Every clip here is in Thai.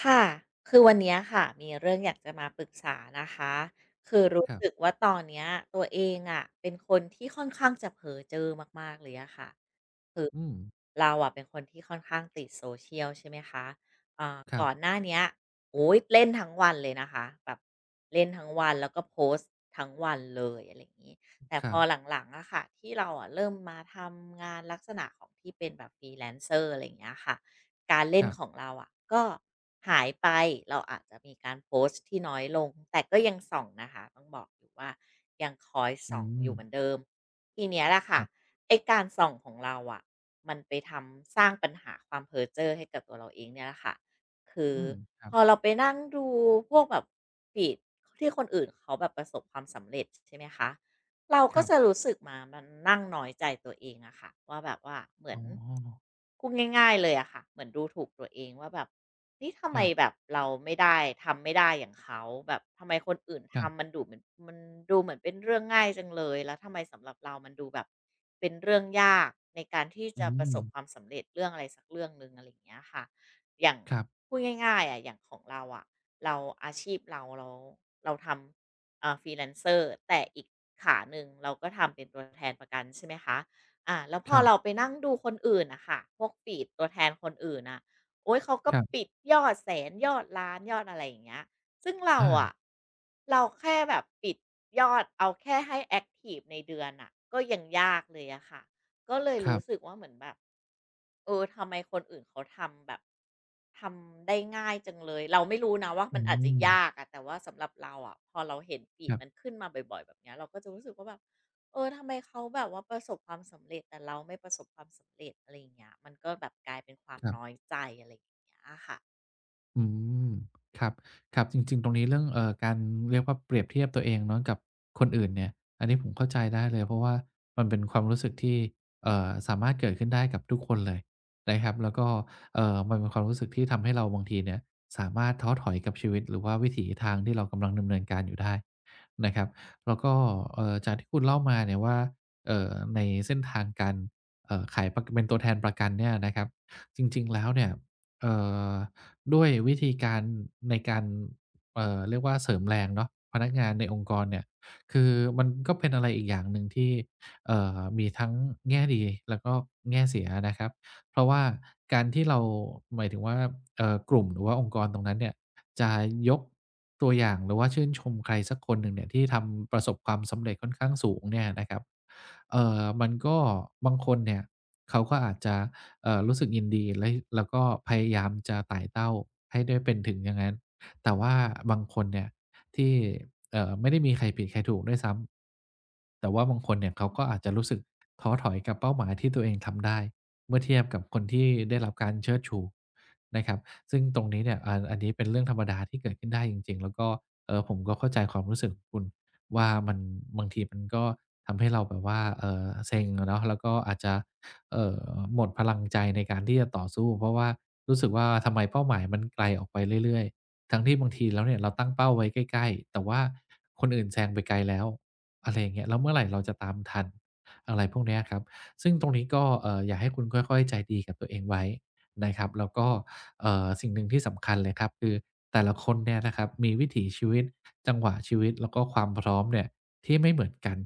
ค่ะ คือวันนี้ค่ะมีเรื่องอยากจะมาปรึกษานะคะ คือรู้ครัสบ ึกว่าตอนนี้ตัวเองอะ เป็นคนที่ค่อนข้างจะเพ้อเจ้อมาก ๆ เลยอะค่ะ คืออืม เราอะเป็นคนที่ค่อนข้างติด social ใช่ไหมคะ อ่า ครกับ ่อนหน้าเนี้ย โอ๊ย! เล่นทั้งวันเลยนะคะแบบ เล่นทั้งวันแล้วก็โพสต์ทั้งวันเลย อะไรอย่างงี้ อ แต่ครพัอบ หลัง ๆ อะค่ะ ที่เราอะเริ่มมาทำงานลักษณะของที่เป็นแบบ Freelancer อะไรอย่างเงี้ยค่ะ การเล่ครนับ ของเราอะ ก็หายไปเราอาจจะมีการโพสต์ที่น้อยลง แต่ก็ยังส่องนะคะ ต้องบอกว่า ยังคอยอสื่องอยู่เหมม ือนเดิม ทีนี้แหละคค่ะ รับ ไอ้การส่องของเราอะ มันไปทำ สร้างปัญหาความเพ้อเจ้อให้กับตัวเราเองเนี่ยแหละค่ะ คืออืม ครัพบ อเราไปนั่งดูพวกแบบ feed ที่คนอื่นเขาแบบประสบความสำเร็จ ใช่ไหมคะ เรากค็รัจบ ะรู้สึกมา มานั่งน้อยใจตัวเองอะค่ะ ว่าแบบว่าเหมืออ๋น อ พูดง่าย ๆ เลยอะค่ะ เหมือนดูถูกตัวเองว่าแบบ นี่ทำคไมรับ แบบเราไม่ได้ ทำไม่ได้อย่างเขา แบบทำไมคนอื่นคทรับ ำมันดูดเหมือน มันดูเหมือนเป็นเรื่องง่ายจังเลย แล้วทำไมสำหรับเรามันดูแบบเป็นเรื่องยากในการที่อจืะประสบม ความสำเร็จ เรื่องอะไรสักเรื่องหนึ่ง อะไรอย่างเงี้ยค่ะ อย่าง ครับ พูดง่าย ๆ อะ อย่างของเราอะ เรา อาชีพเรา เรา เราทำ เออ Freelance แต่อีกขาหนึ่ง เราก็ทำเป็นตัวแทนประกัน ใช่ไหมคะ อา แล้วพคอรับ เราไปนั่งดูคนอื่นน่ะค่ะ พวก feed ตัวแทนคนอื่นน่ะ โอ๊ย เขาก็ครับ ปิดยอดแสน ยอดล้าน ยอดอะไรอย่างเงี้ย ซึ่งเราออะ า เราแค่แบบปิดยอด เอาแค่ให้แอ็กทิฟในเดือนน่ะ ก็ยังยากเลยอะค่ะ ก็เลยครรัู้บ สึกว่าเหมือนแบบ เออ ทำไมคนอื่นเขาทำแบบ ทำได้ง่ายจังเลย เราไม่รู้นะว่า อมัืนอาจจะยม ากอะ แต่ว่าสำหรับเราอะ พอเราเห็น คfeed รับ มันขึ้นมาบ่อย ๆ แบบนี้เราก็จะรู้สึกว่าแบบ เออ ทำไม เขาแบบว่าประสบความสำเร็จ แต่เราไม่ประสบความสำเร็จ อะไรอย่างเงี้ย มันก็แบบกลายเป็นความครันบ ้อยใจ อะไรอย่างเงี้ยค่ะ อืม ครับ ครับ จริง ๆ ตรงนี้เรื่อง เอ่อ การ เรียกว่าเปรียบเทียบตัวเองเนาะ กับคนอื่นเนี่ย อันนี้ผมเข้าใจได้เลย เพราะว่ามันเป็นความรู้สึกที่ เอ่อ สามารถเกิดขึ้นได้กับทุกคนเลยนะครับ แล้วก็ เอ่อ มันเป็นความรู้สึกที่ทำให้เราบางทีเนี่ย สามารถท้อถอยกับชีวิต หรือว่าวิถีทางที่เรากำลังดำเนินการอยู่ได้นะครับ แล้วก็ เอ่อ จากที่คุณเล่ามาเนี่ยว่า เอ่อ ในเส้นทางการ เอ่อ ขาย ป เป็นตัวแทนประกันเนี่ยนะครับ จริง ๆ แล้วเนี่ย เอ่อ ด้วยวิธีการในการ เอ่อ เรียกว่าเสริมแรงเนาะ พนักงานในองค์กรเนี่ย คือมันก็เป็นอะไรอีกอย่างหนึ่งที่ เอ่อ มีทั้งแง่ดี แล้วก็แง่เสียนะครับ เพราะว่าการที่เรา หมายถึงว่า เอ่อ กลุ่มหรือว่าองค์กรตรงนั้นเนี่ย จะยกตัวอย่าง หรือว่าชื่นชมใครสักคนหนึ่งเนี่ย ที่ทำประสบความสำเร็จค่อนข้างสูงเนี่ยนะครับ เอ่อ มันก็ บางคนเนี่ย เขาก็อาจจะ เอ่อ รู้สึกยินดี ล แล้วก็พยายามจะไต่เต้าให้ได้เป็นถึงอย่างนั้น แต่ว่าบางคนเนี่ย ที่ เอ่อ ไม่ได้มีใครผิดใครถูกด้วยซ้ำ แต่ว่าบางคนเนี่ย เขาก็อาจจะรู้สึกท้อถอยกับเป้าหมายที่ตัวเองทำได้ เมื่อเทียบกับคนที่ได้รับการเชิดชูนะครับ ซึ่งตรงนี้เนี่ย อัน อันนี้เป็นเรื่องธรรมดาที่เกิดขึ้นได้จริง ๆ แล้วก็ เอ่อ ผมก็เข้าใจความรู้สึกของคุณว่า มัน บางทีมันก็ทำให้เราแบบว่า เอ่อ เซ็งอะเนาะ แล้วก็อาจจะ เอ่อ หมดพลังใจในการที่จะต่อสู้ เพราะว่ารู้สึกว่า ทำไมเป้าหมาย มันไกลออกไปเรื่อย ๆ ทั้งที่บางทีแล้วเนี่ย เราตั้งเป้าไว้ใกล้ ๆ แต่ว่าคนอื่นแซงไปไกลแล้ว อะไรอย่างเงี้ย แล้วเมื่อไรเราจะตามทัน? อะไรพวกเนี้ยครับ ซึ่งตรงนี้ก็อยากให้คุณค่อย ๆ ใจดีกับตัวเองไว้นะครับ แล้วก็ เอ่อ สิ่งหนึ่งที่สำคัญเลยครับ คือแต่ละคนเนี่ยนะครับ มีวิถีชีวิต จังหวะชีวิต แล้วก็ความพร้อมเนี่ยที่ไม่เหมือนกัน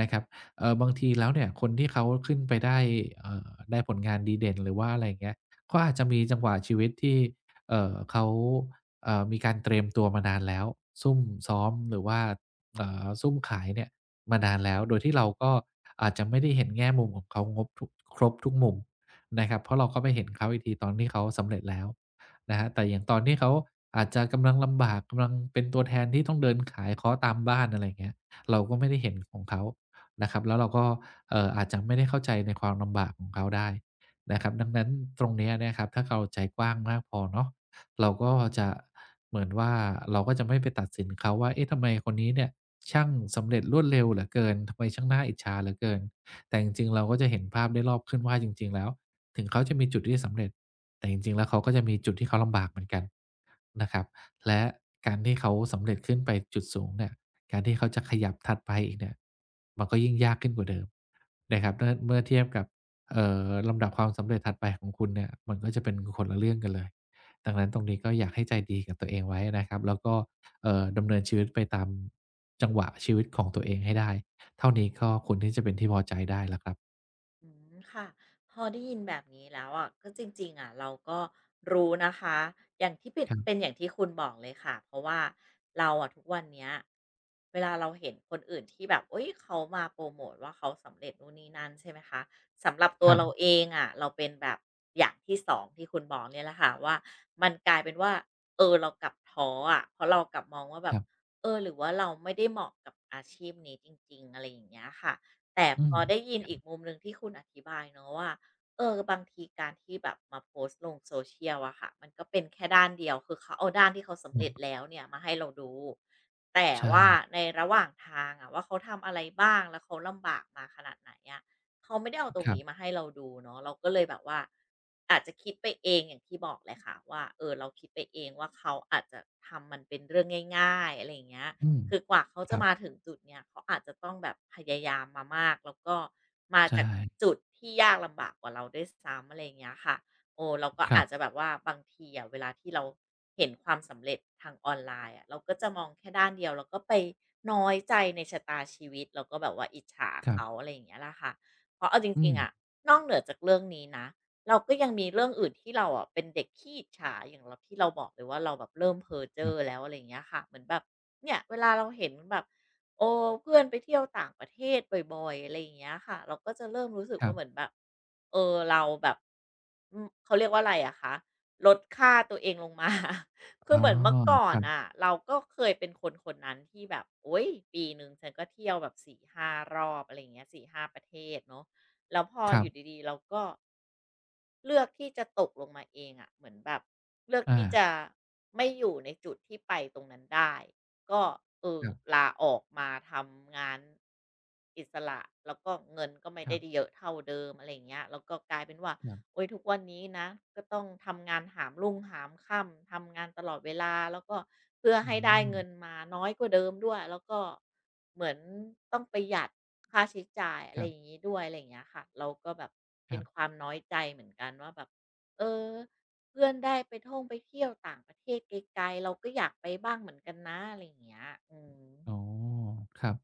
นะครับ เอ่อ บางทีแล้วเนี่ยคนที่เขาขึ้นไปได้ เอ่อ ได้ผลงานดีเด่น หรือว่าอะไรอย่างเงี้ย ก็อาจจะมีจังหวะชีวิตที่ เอ่อ เขา เอ่อ มีการเตรียมตัวมานานแล้ว ซุ่มซ้อมหรือว่า เอ่อ ซุ่มขายเนี่ยมานานแล้ว โดยที่เราก็อาจจะไม่ได้เห็นแง่มุมของเขางบทุก ครบทุกมุมนะครับ เพราะเราก็ไปเห็นเขาอีกทีตอนที่เขาสำเร็จแล้วนะครับ แต่อย่างตอนที่เขาอาจจะกำลังลำบาก กำลังเป็นตัวแทนที่ต้องเดินขาย เคาะตามบ้าน อะไรอย่างเงี้ย เราก็ไม่ได้เห็นของเขานะครับ แล้วเราก็ เอ่อ อาจจะไม่ได้เข้าใจในความลำบากของเขาได้นะครับ ดังนั้นตรงเนี้ยนะครับ ถ้าเข้าใจกว้างมากพอเนาะ เราก็จะเหมือนว่า เราก็จะไม่ไปตัดสินเขาว่า เอ๊ะ ทำไมคนนี้เนี่ย ช่างสำเร็จรวดเร็วเหลือเกิน? ทำไมช่างน่าอิจฉาเหลือเกิน? แต่จริง ๆ เราก็จะเห็นภาพได้รอบขึ้นว่าจริง ๆ แล้ว ถึงเขาจะมีจุดที่สำเร็จ แต่จริง ๆ แล้วเขาก็จะมีจุดที่เขาลำบากเหมือนกันนะครับ และการที่เขาสำเร็จขึ้นไปจุดสูงเนี่ย การที่เขาจะขยับถัดไปอีกเนี่ย มันก็ยิ่งยากขึ้นกว่าเดิมนะครับ ดังนั้นเมื่อเทียบกับ เอ่อ ลำดับความสำเร็จถัดไปของคุณเนี่ย มันก็จะเป็นคนละเรื่องกันเลย ดังนั้นตรงนี้ก็อยากให้ใจดีกับตัวเองไว้นะครับ แล้วก็ เอ่อ ดำเนินชีวิตไปตามจังหวะชีวิตของตัวเองให้ได้ เท่านี้ก็ควรที่จะเป็นที่พอใจได้แล้วครับ อืม ค่ะ พอได้ยินแบบนี้แล้วอะ ก็จริง ๆ อะ เราก็รู้นะคะ อย่างที่ปิด ครับ เป็นอย่างที่คุณบอกเลยค่ะ เพราะว่าเราอะทุกวันเนี้ย เวลาเราเห็นคนอื่น ที่แบบ อุ๊ย! เขามาโพรโมตว่า เขาสำเร็จนู่นนี่นั่น ใช่ไหมคะ สำหรับตคัวรเราับ เองอะ เราเป็นแบบอย่างที่ 2 ที่คุณบอกเนี่ยแหละค่ะ ว่ามันกลายเป็นว่า เออ เรากลับท้ออะ เพราะเรากลับมองว่าแบคบ รับ "เออ หรือว่าเราไม่ได้เหมาะกับอาชีพนี้จริง ๆ?" อะไรอย่างเงี้ยค่ะ แต่อืพม อได้ยินครัอบ ีกมุมหนึ่งที่คุณอธิบายเนาะว่า เออ บางทีการที่แบบมาโพสต์ลง social อะค่ะ มันก็เป็นแค่ด้านเดียว คือเขาเอาด้านที่เขาสำคเรัร็จบ แล้วเนี่ยมาให้เราดู แต่ใชว่า่ ในระหว่างทางอะว่า เขาทำอะไรบ้าง แล้วเขาลำบากมาขนาดไหนอะ เขาไม่ได้เอาอ ตรคงรันีบ ้มาให้เราดูเนาะ เราก็เลยแบบว่า อาจจะคิดไปเองอย่างที่บอกเลยค่ะว่า เอ่อ เราคิดไปเองว่า เขาอาจจะทำมันเป็นเรื่องง่าย ๆ อะไรอย่างเงี้ย อืม คือกว่าเขาคจระับ มาถึงจุดเนี้ย เขาอาจจะต้องแบบพยายามมามาก แล้วก็มาใชจาก่ จุดที่ยากลำบากกว่าเราด้วยซ้ำ อะไรอย่างเงี้ยค่ะ เออ เราก็คอรัาบ จจะแบบว่าบางทีอะ เวลาที่เราเห็นความสำเร็จทางออนไลน์อะ เราก็จะมองแค่ด้านเดียว แล้วก็ไปน้อยใจในชะตาชีวิต แล้วก็แบบว่าอิจฉาครเขับ า อะไรอย่างนี้ล่ะค่ะ เพราะเอาจอืริง ๆ อม ะ นอกเหนือจากเรื่องนี้นะ เราก็ยังมีเรื่องอื่น ที่เราอะเป็นเด็กขี้อิจฉา อย่างเรา ที่เราบอกเลยว่าเราแบบเริ่มเพ้อเจค้รอับ แล้ว อะไรอย่างเงี้ยค่ะ เหมือนแบบเนี่ยเวลาเราเห็นแบบ เออ เพื่อนไปเที่ยวต่างประเทศบ่อย ๆ อะไรอย่างเงี้ยค่ะ เราก็จะเริ่มรู้สึกควร่ัา บ เหมือนแบบ เอ่อ เราแบบ อือ เขาเรียกว่าอะไรอะคะ ลดค่าตัวเองลง มา คือ๋ออ เหมือนเมื่อก่อคนรันบ ่ะ เราก็เคยเป็นคนคนนั้นที่แบบ โอ๊ย! ปีหนึ่งฉันก็เที่ยวแบบ 4-5 รอบ อะไรอย่างเงี้ย 4-5 ประเทศเนาะ แล้วพอครัอยบ ู่ดี ๆ เราก็ เลือกที่จะตกลงมาเองอะ เหมือนแบบเลือกอที่จา ะไม่อยู่ในจุดที่ไปตรงนั้นได้ ก็ เออ ครับ ลาออกมาทำงาน อิสระ แล้วก็เงินก็ไม่คไดรั้บ เยอะเท่าเดิม อะไรอย่างเงี้ย แล้วก็กลายเป็นว่า ครับ โอ๊ย ทุกวันนี้นะ ก็ต้องทำงานหามรุ่งหามค่ำ ทำงานตลอดเวลา แล้วก็ เพื่ออให้ได้เงิืม นมา น้อยกว่าเดิมด้วย แล้วก็เหมือนต้องประหยัดค่าใช้จ่าย อะคไรรับ งี้ด้วย อะไรอย่างเงี้ยค่ะ เราก็แบบคเป็รันบ ความน้อยใจเหมือนกันว่าแบบ "เออ เพื่อนได้ไปท่องไปเที่ยวต่างประเทศไกล ๆ เราก็อยากไปบ้างเหมือนกันนะ" อะไรอย่างเงี้ย อืม อ๋อ ครับ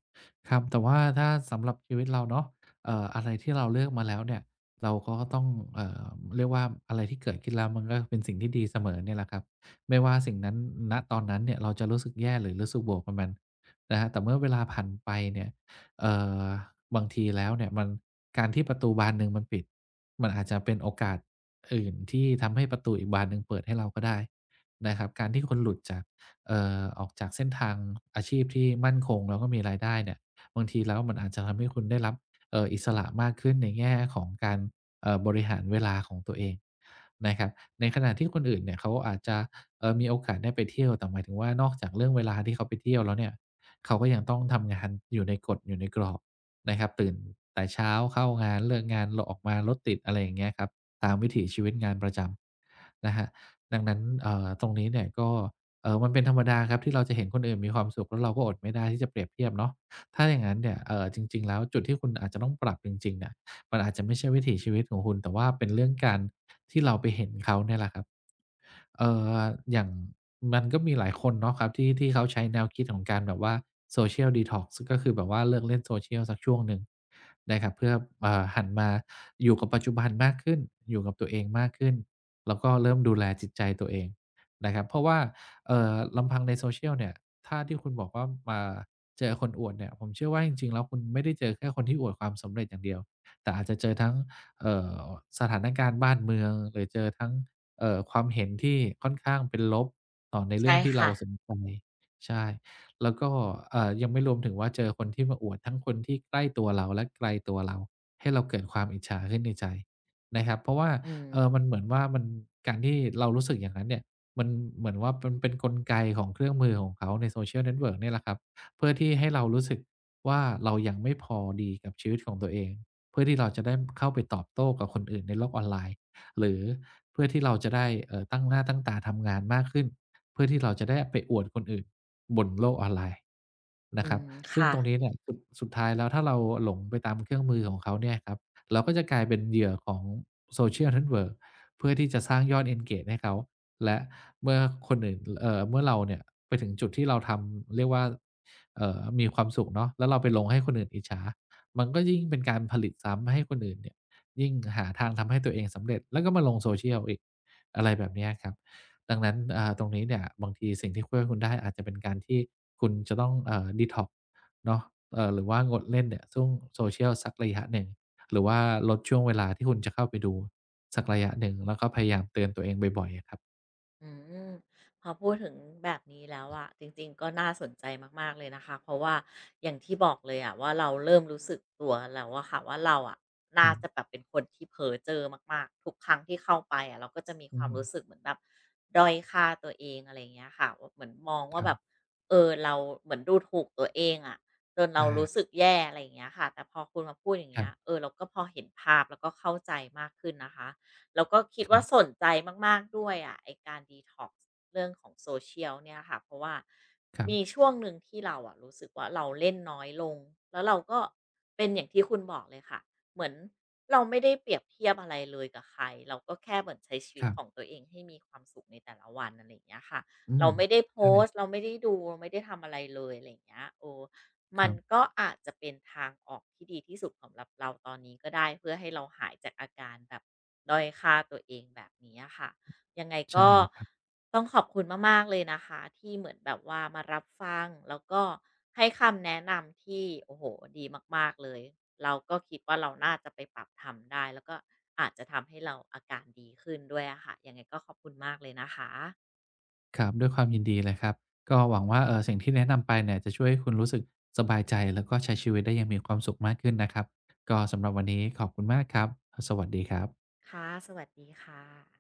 ครับ แต่ว่าถ้าสำหรับชีวิตเราเนาะ เอ่อ อะไรที่เรา เลือกมาแล้วเนี่ย เราก็ต้อง เอ่อ เรียกว่า อะไรที่เกิดขึ้นแล้ว มันก็เป็นสิ่งที่ดีเสมอเนี่ยแหละครับ ไม่ว่าสิ่งนั้น ณ ตอนนั้นเนี่ย เราจะรู้สึกแย่ หรือรู้สึกบวกกับมันนะครับ แต่เมื่อเวลาผ่านไปเนี่ย เอ่อ บางทีแล้วเนี่ย มัน การที่ประตูบานหนึ่งมันปิด มันอาจจะเป็นโอกาสอื่นที่ทำให้ประตูอีกบานหนึ่งเปิดให้เราก็ได้นะครับ การที่คุณหลุดจาก เอ่อ ออกจากเส้นทางอาชีพที่มั่นคง แล้วก็มีรายได้เนี่ย บางทีแล้วมันอาจจะทำให้คุณได้รับ เอ่อ อิสระมากขึ้น ในแง่ของการ เอ่อ บริหารเวลาของตัวเองนะครับ ในขณะที่คนอื่นเนี่ย เขาอาจจะ เอ่อ มีโอกาสได้ไปเที่ยว แต่หมายถึงว่า นอกจากเรื่องเวลาที่เขาไปเที่ยวแล้วเนี่ย เขาก็ยังต้องทำงานอยู่ในกฎ อยู่ในกรอบนะครับ ตื่นแต่เช้าเข้างาน เลิกงาน ล ออกมารถติด อะไรอย่างเงี้ยครับ ตามวิถีชีวิตงานประจำนะครับ ดังนั้น เอ่อ ตรงนี้เนี่ยก็ เอ่อ มันเป็นธรรมดาครับ ที่เราจะเห็นคนอื่นมีความสุข แล้วเราก็อดไม่ได้ที่จะเปรียบเทียบเนาะ ถ้าอย่างงั้นเนี่ย เอ่อ จริง ๆ แล้วจุดที่คุณอาจจะต้องปรับจริง ๆ อะ มันอาจจะไม่ใช่วิถีชีวิตของคุณ แต่ว่าเป็นเรื่องการที่เราไปเห็นเขาเนี่ยแหละครับ เอ่อ อย่าง มันก็มีหลายคนเนาะครับ ที่ ที่เขาใช้แนวคิดของการแบบว่า social detox ซึ่งก็คือแบบว่า เลิกเล่น social สักช่วงหนึ่งนะครับ เพื่อ เอ่อ หันมาอยู่กับ ปัจจุบันมากขึ้น อยู่กับตัวเองมากขึ้น แล้วก็เริ่มดูแลจิตใจตัวเองนะครับ เพราะว่า เอ่อ ลำพังใน social เนี่ย ถ้าที่คุณบอกว่า ม อ่า เจอคนอวดเนี่ย ผมเชื่อว่าจริง ๆ แล้วคุณไม่ได้เจอแค่คนที่อวดความสำเร็จอย่างเดียว แต่อาจจะเจอทั้ง เอ่อ สถานการณ์บ้านเมือง หรือเจอทั้ง เอ่อ ความเห็นที่ค่อนข้างเป็นลบต่อในใเชรื่่องที่คเรา่ะ สนใจ ใช่ แล้วก็ อ่า ยังไม่รวมถึงว่า เจอคนที่มาอวด ทั้งคนที่ใกล้ตัวเรา และไกลตัวเรา ให้เราเกิดความอิจฉาขึ้นในใจนะครับ เพราะว่า อืเอ่อ มันม เหมือนว่ามัน การที่เรารู้สึกอย่างนั้นเนี่ย มันเหมือนว่ามันเป็นกลไกของเครื่องมือของเขาใน social network เนี่ยแหละครับ เพื่อที่ให้เรารู้สึกว่า เรายังไม่พอดีกับชีวิตของตัวเอง เพื่อที่เราจะได้เข้าไปตอบโต้กับคนอื่นในโลกออนไลน์ หรือเพื่อที่เราจะได้ เอ่อ ตั้งหน้าตั้งตาทำงานมากขึ้น เพื่อที่เราจะได้ไปอวดคนอื่นบนโลกออนไลน์นอะืครับ ม ซคึ่ง่ตระ งนี้เนี่ย ค สุดท้ายแล้วถ้าเราหลงไปตามเครื่องมือของเขาเนี่ยครับ เราก็จะกลายเป็นเหยื่อของ social network เพื่อที่จะสร้างยอด engage ให้เขา และเมื่อคนอื่น ก เอ่อ เมื่อเราเนี่ยไปถึงจุดที่เราทำ เรียกว่า เอ่อ มีความสุขเนาะ แล้วเราไปลงให้คนอื่นอิจฉา มันก็ยิ่งเป็นการผลิตซ้ำให้คนอื่นเนี่ย ยิ่ง หาทางทำให้ตัวเองสำเร็จ แล้วก็มาลง social อีก อะไรแบบเนี้ยครับ ดังนั้น อ่า ตรงนี้เนี่ย บางทีสิ่งที่ช่วยให้คุณได้ อาจจะเป็นการที่คุณจะต้อง อ่า detox เนาะ อ่า หรือว่างดเล่นเนี่ย soc social สักระยะหนึ่ง หรือว่าลดช่วงเวลาที่คุณจะเข้าไปดูสักระยะหนึ่ง แล้วก็พยายามเตือนตัวเองบ่อย ๆ อะครับ อืม พอพูดถึงแบบนี้แล้วอะ จริง ๆ ก็น่าสนใจมาก ๆ เลยนะคะ เพราะว่าอย่างที่บอกเลยอะว่า เราเริ่มรู้สึกตัวแล้วอะค่ะว่า เราอะนค่ราับ จะแบบเป็นคนที่เพ้อเจ้อมาก ๆ ทุกครั้งที่เข้าไปอะ เราก็จะมีคอวามรืู้อ สึกเหมือนแบบด้อยค่าตัวเอง อะไรอย่างเงี้ยค่ะ ว่า เหมือนมองว่คารัแบบ บ เออ เรา เหมือนดูถูกตัวเองอะ จนเรอารู้า สึกแย่ อะไรอย่างเงี้ยค่ะ แต่พอคุณมาพูดอย่างคเงรีั้บ ย เออ เราก็พอเห็นภาพ แล้วก็เข้าใจมากขึ้นนะคะ แล้วก็คิดควร่ัาบ สนใจมาก ๆ ด้วยอะ ไอ้การ detox เรื่องของ social เนี่ยค่ะ เพราะว่าครัมีบ ช่วงหนึ่งที่เรารู้สึกว่า เราเล่นน้อยลง แล้วเราก็เป็นอย่างที่คุณบอกเลยค่ะ เหมือนเราไม่ได้เปรียบเทียบอะไรเลยกับใคร เราก็แค่เหมือนใช้ชีวคิตรัขบ องตัวเองให้มีความสุขในแต่ละวัน อะไรอย่างเงี้ยค่ะ อืเรม าไม่ได้โพใช่ สต์ เราไม่ได้ดู ไม่ได้ทำอะไรเลย อะไรอย่างเงี้ย เออ มคัรนับ ก็อาจจะเป็นทางออกที่ดีที่สุดสำหรับเราตอนนี้ก็ได้ เพื่อให้เราหายจากอาการแบบด้อยค่าตัวเองแบบนี้อะค่ะ ยังไงใชก่็เลยครับ ต้องขอบคุณมาก ๆ เลยนะคะ ที่เหมือนแบบว่ามารับฟังแล้วก็ให้คำแนะนำที่ โอ้โฮ! ดีมาก ๆ เลย เราก็คิดว่าเราน่าจะไปปรับทำได้ แล้วก็อาจจะทำให้เราอาการดีขึ้นด้วยอะค่ะ ยังไงก็ขอบคุณมากเลยนะคะ ครับ ด้วยความยินดีเลยครับ ก็หวังว่า เอ่อ สิ่งที่แนะนำไปเนี่ย จะช่วยให้คุณรู้สึกสบายใจ แล้วก็ใช้ชีวิตได้อย่างมีความสุขมากขึ้นนะครับ ก็สำหรับวันนี้ขอบคุณมากครับ สวัสดีครับ ค่ะ สวัสดีค่ะ